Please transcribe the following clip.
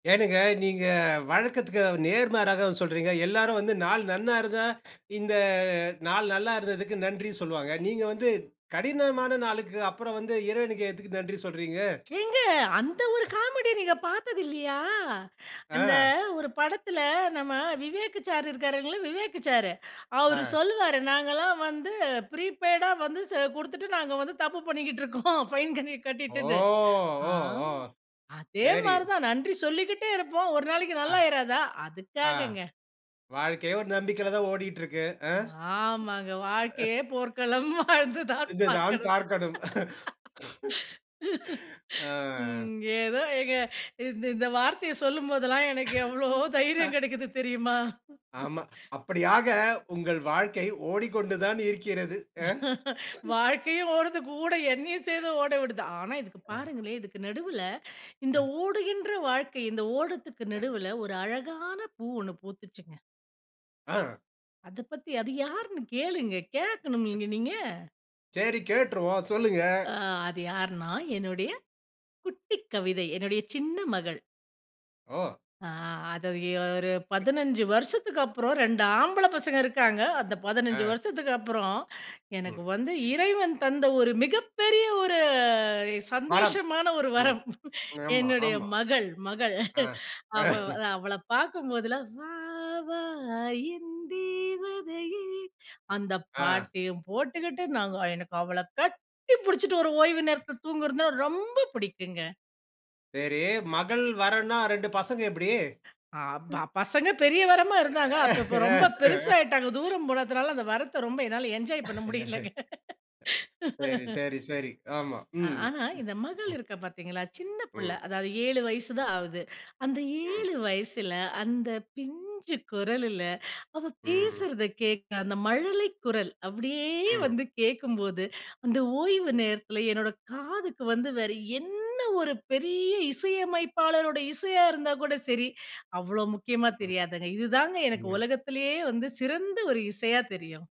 ஏனுங்க நீங்க வழக்கத்துக்கு நேர்மாறாக சொல்றீங்க. எல்லாரும் வந்து நாள் நன்னா இருந்தா இந்த நாள் நல்லா இருந்ததுக்கு நன்றி சொல்வாங்க. நீங்க வந்து கடினமான நாளுக்கு அப்புறம் வந்து இறைவனுக்கு எதுக்கு நன்றி சொல்றீங்க. ஏங்க அந்த ஒரு காமெடி நீங்க பாத்தது இல்லையா? அந்த ஆ. ஒரு படத்துல நம்ம விவேக்கு சாரு இருக்காருலங்க, விவேக்கு சாரு. அவரு ஆ. சொல்லுவாரு நாங்கலாம் வந்து ப்ரீபெய்டா வந்து ச குடுத்துட்டு நாங்க வந்து தப்பு பண்ணிக்கிட்டு இருக்கோம். பைன் கன்னி ஓ! கட்டிட்டுது. ஆ. ஓ! ஓ! அதே சரி. மாரிதான் நன்றி சொல்லிக்கிட்டே இருப்போம். ஒரு நாளைக்கு ஆ. நல்லா ஆயிறாதா. ஆ. அதுக்காகங்க. வாழ்க்கையே ஒரு நம்பிக்கையில தான் ஓடிட்டு இருக்கு. ஆ. ஆமாங்க. அ. "வாழ்க்கையே போர்க்களம் வாழ்ந்துதான் இருந்துதான் பார்க்கணும்." பார்க்கணும். ஆ. ம். ஏதோ எங்க இந் இந்த வார்த்தைய சொல்லும்போதெல்லாம் எனக்கு எவ்ளோ அ. தைரியம் கிடைக்குது தெரியுமா? ஆமா. அப்படியாக உங்கள் வாழ்க்கை ஓடிக்கொண்டு தான் இருக்கிறது. அ. வாழ்க்கையும் ஓடுது, கூட எண்ணையும் சேர்ந்து ஓடவுடுது. ஆனா, இதுக்கு அ. பாருங்களேன், இதுக்கு நடுவுல இந்த அ. ஓடுகின்ற வாழ்க்கை, இந்த ஓடத்துக்கு நடுவுல ஒரு அழகான பூ ஒண்ணு பூத்துச்சுங்க. ஆ. அத பத்தி. அது யார்ன்னு கேளுங்க. கேட்கண்னும்ல இங்க நீங்க. செரி கேட்ருவோம். சொல்லுங்க. அ அது யார்னா? என்னுடைய குட்டி கவிதை. என்னுடைய சின்ன மகள். ஓ! ஆ. அத எ ஒரு 15 வருஷத்துக்கப்புறம் 2 ஆம்பள பசங்க இருக்காங்க. அந்த 15 அ. வருஷத்துக்கு அப்புறம் ம். எனக்கு வந்து இறைவன் தந்த ஒரு மிகப்பெரிய ஒரு மரம். சந்தோஷமான ஒரு ம். வரம். ஆமா, என்னுடைய ஆமா. மகள் மகள். ஆ. அவ அவள பார்க்கும்போதெல்லாம் "வா வா என்தேவதையே" அ அந்த ஆ. பாட்டையும் போட்டுக்கிட்டு. நாங்க எனக்கு அவள கட்டி புடிச்சுட்டு ஒரு ஓய்வு நேரத்தில தூங்குறதுனா ரொம்ப புடிக்குங்க. செரி மகள் வரம்னா, 2 பசங்க எப்படி? ஆமா. பசங்க பெரிய வரமா இருந்தாங்க. அப்ப இப்ப ரொம்ப பெருசாயிட்டாங்க, தூரம் போனதுனால அந்த வரத்த ரொம்ப என்னால என்ஜாய் பண்ண முடியலங்க. சரி சரி சரி, ஆமா. அ ம். ஆனா, ம். இந்த மகள் ம். இருக்கா பார்த்தீங்களா, சின்ன புள்ள ம். அதாவது 7 வயசு தான் ஆவுது. அந்த ம். 7 வயசுல, அந்த பிஞ்சு குரலுல அவ ம் ம். பேசுறத கேட்க அந்த மழலை குரல். அப்படியே ம். வந்து கேட்கும்போது அந்த ஓய்வு நேரத்தில என்னோட காதுக்கு வந்து வேற என்ன ஒரு பெரிய இசையமைப்பாளருடைய இசையா இருந்தா கூட செரி அவ்ளோ முக்கியமா ம் தெரியாது. இதுதாங்க எனக்கு ம். உலகத்திலேயே வந்து சிறந்த ஒரு இசையா தெரியும்.